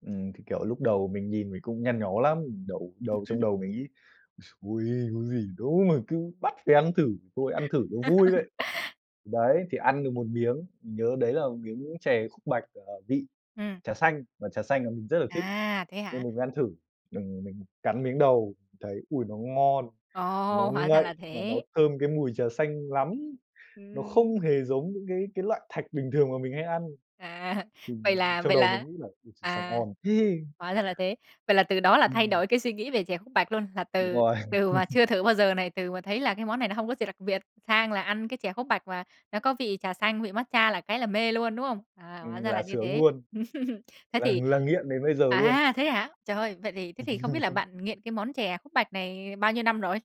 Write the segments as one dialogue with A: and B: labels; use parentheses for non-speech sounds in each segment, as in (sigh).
A: Ừm, thì kiểu lúc đầu mình nhìn mình cũng nhăn nhó lắm! Đầu đầu trong
B: (laughs)
A: đầu mình nghĩ: (grunts) "Ôi, trời ôi! Có gì đâu mà cứ bắt phải ăn thử, thôi ăn thử cho vui vậy!"
B: (laughs)
A: Thì đấy, thì ăn được một miếng, nhớ đấy là một miếng chè khúc bạch, à, vị
B: Ừm.
A: trà xanh, mà trà xanh là mình rất là thích,
B: À, thế
A: nên
B: hả?
A: mình mới ăn thử. Đừng mình cắn miếng đầu thấy ôi, nó ngon, nó
B: Ồ, hóa ra là
A: ngậy mà nó
B: thế.
A: thơm cái mùi trà xanh lắm! Nó
B: Ừm.
A: không hề giống những cái cái loại thạch bình thường mà mình hay ăn.
B: À, vậy
A: Ừm,
B: là
A: trong
B: vậy
A: đầu mình
B: là
A: nghĩ là ôi trời, sao
B: à,
A: ngon thế!
B: hóa ra là thế. Vậy là từ đó là thay
A: Ừm.
B: đổi cái suy nghĩ về chè khúc bạch luôn, là
A: Đúng
B: từ
A: rồi!
B: từ mà
A: (laughs)
B: chưa thử bao giờ này, từ mà thấy là cái món này nó hông có gì đặc biệt sang là ăn cái chè khúc bạch mà nó có vị trà xanh, vị matcha là cái là mê luôn, đúng không? À, hóa
A: Ừm,
B: ra là
A: là
B: như
A: sướng
B: thế.
A: luôn!
B: (laughs) Thế
A: Là
B: thì
A: là nghiện đến bây giờ luôn.
B: à, thế hả? Trời! Vậy thì thế thì không biết là
A: (laughs)
B: bạn nghiện cái món chè khúc bạch này bao nhiêu năm rồi?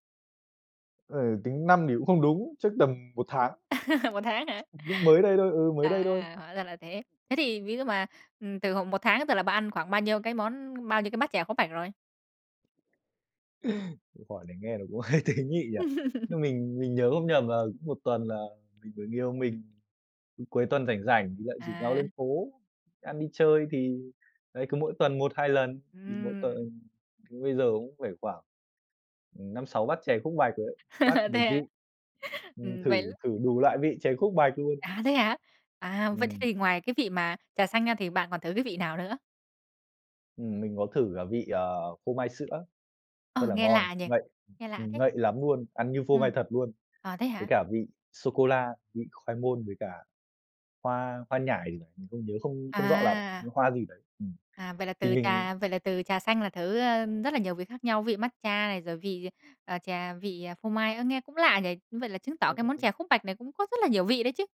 A: Ừ, tính năm thì cũng không đúng, chắc tầm 1 tháng.
B: (laughs) 1 tháng hả?
A: Lúc mới đây thôi, ừ, mới đây thôi.
B: À, hóa ra là thế. Thế thì ví dụ mà, ừm, từ hồi 1 tháng thường tới giờ là bạn ăn khoảng bao nhiêu cái món bao nhiêu cái bát chè khúc bạch rồi?
A: (laughs) Câu hỏi này nghe nó cũng hơi tế nhị nhỉ.
B: (laughs)
A: Nhưng mình mình nhớ không nhầm là cứ 1 tuần là người yêu mình cứ cuối tuần rảnh rảnh thì lại rủ nhau lên
B: À.
A: phố ăn, đi chơi thì, đấy, cứ mỗi tuần 1-2 lần. Thì mỗi
B: Ừm.
A: tuần bây giờ cũng phải khoảng, ừm, 5-6 bát chè khúc bạch rồi đấy, bát
B: (laughs)
A: 1
B: Thế à?
A: vị.
B: (laughs)
A: Ừm,
B: Ừm,
A: thử
B: vậy
A: thử đủ loại vị chè khúc bạch luôn!
B: À, thế hả? À, vậy thế th
A: Ừm.
B: thì ngoài cái vị mà trà xanh ra thì bạn còn thử cái vị nào nữa?
A: Ừm, mình có thử cả vị, ờ, phô mai sữa,
B: Ồ,
A: rất là
B: nghe
A: ngon,
B: lạ nhỉ,
A: ngậy,
B: nghe lạ
A: ừm,
B: thế.
A: ngậy lắm luôn, ăn như phô mai
B: Ừm,
A: thật luôn!
B: à, thế
A: Với
B: hả?
A: cả vị sô-cô-la, vị khoai môn với cả hoa hoa nhải ơi, nhớ không không rõ lắm, nhớ
B: À.
A: hoa gì đấy. Ừm,
B: À, vậy là
A: thì
B: từ
A: mình
B: trà vậy là từ trà xanh là thử, ơ, rất là nhiều vị khác nhau, vị matcha này, rồi vị, ờ, trà vị phô mai, ơ, nghe cũng lạ nhỉ. Vậy là chứng tỏ cái món chè
A: (unintelligible)
B: khúc bạch này cũng có rất là nhiều vị đấy chứ!